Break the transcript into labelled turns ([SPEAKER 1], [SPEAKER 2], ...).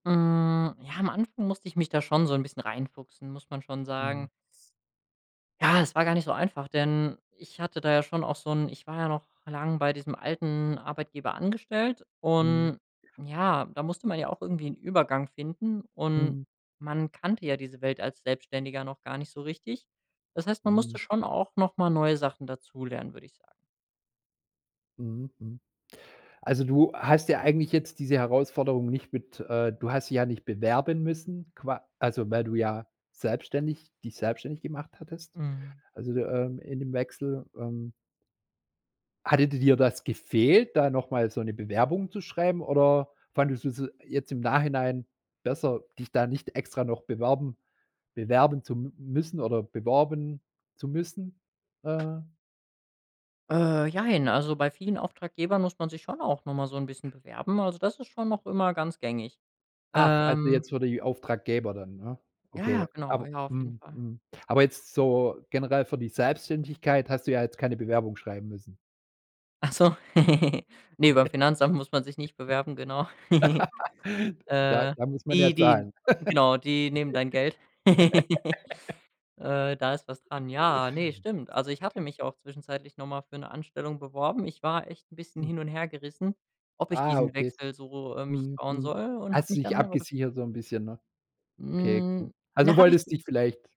[SPEAKER 1] Hm, ja, am Anfang musste ich mich da schon so 'n bisschen reinfuchsen, muss man schon sagen.
[SPEAKER 2] Mhm.
[SPEAKER 1] Ja, es war gar nicht so einfach, denn ich hatte da ja schon auch so 'n ich war ja noch lang bei diesem alten Arbeitgeber angestellt
[SPEAKER 2] Mhm.
[SPEAKER 1] und, ja, da musste man ja auch irgendwie 'n Übergang finden und
[SPEAKER 2] Mhm.
[SPEAKER 1] man kannte ja diese Welt als Selbstständiger noch gar nicht so richtig. Das heißt, man musste
[SPEAKER 2] Mhm.
[SPEAKER 1] schon auch noch mal neue Sachen dazulernen, würde ich sagen.
[SPEAKER 2] Mhm, mhm. Also, du hast ja eigentlich jetzt diese Herausforderung nicht mit äh, du hast dich ja nicht bewerben müssen, qua also, weil du ja selbstständig dich selbstständig gemacht hattest.
[SPEAKER 1] Mhm.
[SPEAKER 2] Also, de ähm, in dem Wechsel, ähm hatte di dir das gefehlt, da noch mal so 'ne Bewerbung zu schreiben, oder fandest du's jetzt im Nachhinein besser, dich da nicht extra noch beworben bewerben zu m müssen oder beworben zu müssen? Äh.
[SPEAKER 1] Äh, jein, also bei vielen Auftraggebern muss man sich schon auch noch mal so 'n bisschen bewerben. Also, das ist schon noch immer ganz gängig.
[SPEAKER 2] Ach, also
[SPEAKER 1] Ähm
[SPEAKER 2] jetzt für die Auftraggeber dann, ne?
[SPEAKER 1] Ja, ja,
[SPEAKER 2] Okay.
[SPEAKER 1] genau.
[SPEAKER 2] Aber
[SPEAKER 1] Ja, auf jeden
[SPEAKER 2] mhm,
[SPEAKER 1] Fall.
[SPEAKER 2] mhm. Aber jetzt so generell für die Selbstständigkeit hast du ja jetzt keine Bewerbung schreiben müssen.
[SPEAKER 1] Ach so, ne, beim Finanzamt muss man sich nicht bewerben, genau.
[SPEAKER 2] Da
[SPEAKER 1] Äh,
[SPEAKER 2] da muss man ja
[SPEAKER 1] die die
[SPEAKER 2] zahlen.
[SPEAKER 1] genau, die nehmen dein Geld. Äh, da ist was dran. Ja, ne, stimmt. Also, ich hatte mich auch zwischenzeitlich noch mal für 'ne Anstellung beworben. Ich war echt 'n bisschen
[SPEAKER 2] Hm.
[SPEAKER 1] hin und hergerissen, ob ich
[SPEAKER 2] Ah,
[SPEAKER 1] diesen
[SPEAKER 2] okay es
[SPEAKER 1] Wechsel so, äh, mich
[SPEAKER 2] mhm,
[SPEAKER 1] trauen
[SPEAKER 2] mhm.
[SPEAKER 1] soll, und habe
[SPEAKER 2] Hast du
[SPEAKER 1] mich
[SPEAKER 2] dich
[SPEAKER 1] dann aber daf
[SPEAKER 2] abgesichert so 'n bisschen, ne? Okay, gut.
[SPEAKER 1] Hm.
[SPEAKER 2] Also
[SPEAKER 1] Na, habe
[SPEAKER 2] wolltest
[SPEAKER 1] ich
[SPEAKER 2] dich vielleicht